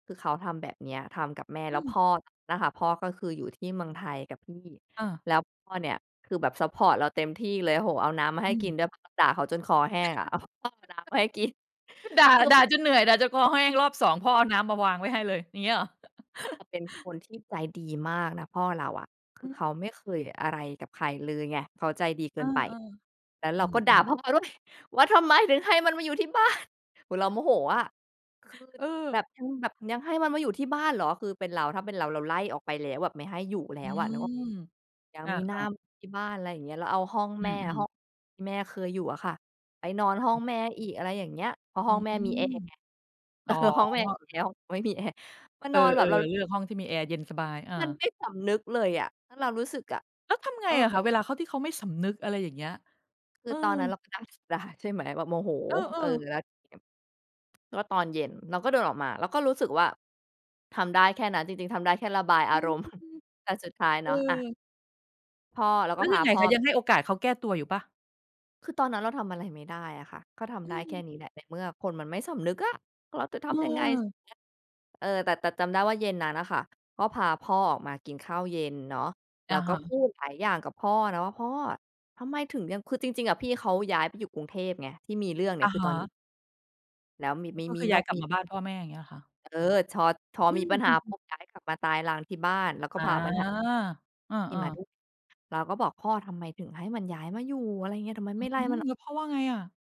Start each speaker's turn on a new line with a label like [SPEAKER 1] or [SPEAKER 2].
[SPEAKER 1] คือเขาทำแบบเนี้ย ทำกับแม่
[SPEAKER 2] อ
[SPEAKER 1] แ
[SPEAKER 2] ื
[SPEAKER 1] ล้วพ
[SPEAKER 2] ม
[SPEAKER 1] ่อ น่ะค่ะ พ่อก็คืออยู่ที่เมืองไทยกับพี่
[SPEAKER 2] อา
[SPEAKER 1] แล้วพ่อเนี่ยคือแบบซัปพอร์ตเราเต็มที่เลย โอ้โฮ เอาน้ำมาใ
[SPEAKER 2] อ
[SPEAKER 1] ห้
[SPEAKER 2] ื
[SPEAKER 1] กิ
[SPEAKER 2] ม
[SPEAKER 1] นด้วย เพราะเราด่าเขาจนคอแห้งอะ เอา พ่อเอาน้ำมาให้กิน
[SPEAKER 2] ก็ด่า
[SPEAKER 1] คือ
[SPEAKER 2] ด่าจนเหนื่อย ด่าจนคอแห้ง รอบ 2 พ่อเ
[SPEAKER 1] อ
[SPEAKER 2] อาน้ำมาวางไว้ให้เลย อย่างงี้เหรอ?
[SPEAKER 1] จะเป็นคนที่ใจดีมากนะพ่อเราอะ ค
[SPEAKER 2] อ
[SPEAKER 1] ื
[SPEAKER 2] ื
[SPEAKER 1] อเ
[SPEAKER 2] ม
[SPEAKER 1] ขาไม่เคยอะไรกับใครเลยไง เขาใจดีเก
[SPEAKER 2] เอ
[SPEAKER 1] ิ
[SPEAKER 2] อ
[SPEAKER 1] นไป แล้ว
[SPEAKER 2] ๆ อ
[SPEAKER 1] เร
[SPEAKER 2] ื
[SPEAKER 1] าก็ด่า
[SPEAKER 2] ม ๆ
[SPEAKER 1] พ่อด้วย "ว่าทำไมถึงให้มันมาอยู่ที่บ้าน?" โฮ เราโมโหอะ คือ
[SPEAKER 2] เออ
[SPEAKER 1] แบบ ยังแบบ "ยังให้มันมาอยู่ที่บ้านเหรอ?" คือเป็นเรา ถ้าเป็นเราเราไล่ออกไปแล้ว ไม่ให้อยู่แล้
[SPEAKER 2] อื
[SPEAKER 1] วอะนึกออก
[SPEAKER 2] ม
[SPEAKER 1] ยัง
[SPEAKER 2] อา
[SPEAKER 1] มีหน้า
[SPEAKER 2] ๆ
[SPEAKER 1] มาที่บ้าน ไรเงี้ย เราเอาห้อง
[SPEAKER 2] อื
[SPEAKER 1] แม่อะ
[SPEAKER 2] อ
[SPEAKER 1] ห้อ
[SPEAKER 2] ๆ
[SPEAKER 1] งที่แม่เคยอยู่อะค่ะ ไปนอนห้องแม่อีก อะไรอย่างเงี้ย เพราะ
[SPEAKER 2] อ
[SPEAKER 1] ห
[SPEAKER 2] ื
[SPEAKER 1] ้อง
[SPEAKER 2] ม
[SPEAKER 1] แม่มีแอร์ไง เ
[SPEAKER 2] อ
[SPEAKER 1] อ
[SPEAKER 2] ๋
[SPEAKER 1] อ
[SPEAKER 2] อ
[SPEAKER 1] ห้องแม่มีแอร์ ห้อง ไม่มีแอร์ มา
[SPEAKER 2] เอ
[SPEAKER 1] น
[SPEAKER 2] อ
[SPEAKER 1] อนแบบเรา
[SPEAKER 2] ๆ เลือกห้องที่มีแอร์เย็นสบาย อา
[SPEAKER 1] มันไม่สำนึกเลยอะ แล้วเรารู้สึกอะ
[SPEAKER 2] แล้วทำไง
[SPEAKER 1] เอ
[SPEAKER 2] อะคะ เว
[SPEAKER 1] อ
[SPEAKER 2] ลาเขา ที่เขาไม่สำนึก อะไรอย่างเงี้ย?
[SPEAKER 1] คื
[SPEAKER 2] เ
[SPEAKER 1] อ
[SPEAKER 2] ออ
[SPEAKER 1] ตอนนั้นเราก็ด่า ด่า ใช่ไหม แบบโมโห
[SPEAKER 2] เอ
[SPEAKER 1] เออ
[SPEAKER 2] อ ๆ
[SPEAKER 1] แล้วทีเนี้ย ก็ตอนเย็นเราก็เดินออกมา เราก็รู้สึกว่าทำได้แค่นั้นจริง ๆ ทำได้แค่ระบาย
[SPEAKER 2] อ
[SPEAKER 1] อา
[SPEAKER 2] ื
[SPEAKER 1] ร
[SPEAKER 2] ม
[SPEAKER 1] มณ์ แต่สุดท้าย
[SPEAKER 2] เอ
[SPEAKER 1] เนาะ อ
[SPEAKER 2] อ
[SPEAKER 1] า พ่อ เรา
[SPEAKER 2] แล
[SPEAKER 1] ก
[SPEAKER 2] ้
[SPEAKER 1] ็
[SPEAKER 2] ว
[SPEAKER 1] พ
[SPEAKER 2] ย
[SPEAKER 1] า
[SPEAKER 2] ังไง
[SPEAKER 1] พ่
[SPEAKER 2] ค
[SPEAKER 1] อ
[SPEAKER 2] ะ ยังให้โอกาสเขาแก้ตัวอยู่เปล่า?
[SPEAKER 1] คือตอนนั้นเราทำอะไรไม่ได้อะค่ะ ก็ท
[SPEAKER 2] อื
[SPEAKER 1] ำได้แค่
[SPEAKER 2] ม
[SPEAKER 1] นี้แหละ ในเมื่อคนมันไม่สำนึกอะ เราจะทำยังไงใช่ไ
[SPEAKER 2] เออ
[SPEAKER 1] หม เออ แต่ แต่จำได้ว่าเย็นนั้นอะค่ะ ก็พาพ่อออกมากินข้าวเย็นเนาะ แ
[SPEAKER 2] อ
[SPEAKER 1] ล้
[SPEAKER 2] ะ
[SPEAKER 1] ว
[SPEAKER 2] ฮ
[SPEAKER 1] ก็พ
[SPEAKER 2] ะ
[SPEAKER 1] ูดหลายอย่างกับพ่อเนาะ "พ่อ ทำไมถึงยัง" คือจริง ๆ อะพี่เขาย้ายไปอยู่กรุงเทพไง ที่มีเรื่องเนี่
[SPEAKER 2] อ
[SPEAKER 1] ย
[SPEAKER 2] ะ
[SPEAKER 1] คือ
[SPEAKER 2] ฮ
[SPEAKER 1] ตอนอยู่
[SPEAKER 2] ะ
[SPEAKER 1] แล้วม
[SPEAKER 2] ก
[SPEAKER 1] ี
[SPEAKER 2] ็
[SPEAKER 1] ม
[SPEAKER 2] คื
[SPEAKER 1] ี
[SPEAKER 2] อ
[SPEAKER 1] น
[SPEAKER 2] ย้า
[SPEAKER 1] อ
[SPEAKER 2] ย
[SPEAKER 1] ก
[SPEAKER 2] กลั
[SPEAKER 1] ม
[SPEAKER 2] บ
[SPEAKER 1] ี
[SPEAKER 2] มาบ้านพ่อแม่ อย่างงี้เหรอคะ?
[SPEAKER 1] เออ ช็อต พอ
[SPEAKER 2] อื
[SPEAKER 1] มีปัญหาป
[SPEAKER 2] ม ๆ
[SPEAKER 1] ุ๊บย้ายกลับมาตายรังที่บ้าน แล้วก
[SPEAKER 2] อ
[SPEAKER 1] ็
[SPEAKER 2] า
[SPEAKER 1] พาปัญหา
[SPEAKER 2] เออ
[SPEAKER 1] ที่มาด้
[SPEAKER 2] ๆ
[SPEAKER 1] วย เราก็บอก "พ่อ ทำไมถึงให้มันย้ายมาอยู่ อะไรเงี้ย ทำไม
[SPEAKER 2] อื
[SPEAKER 1] ไม่ไล่
[SPEAKER 2] ม
[SPEAKER 1] มัน
[SPEAKER 2] แ
[SPEAKER 1] อ
[SPEAKER 2] ล้
[SPEAKER 1] อ
[SPEAKER 2] วพ่
[SPEAKER 1] ก"
[SPEAKER 2] อว่าไงอะ?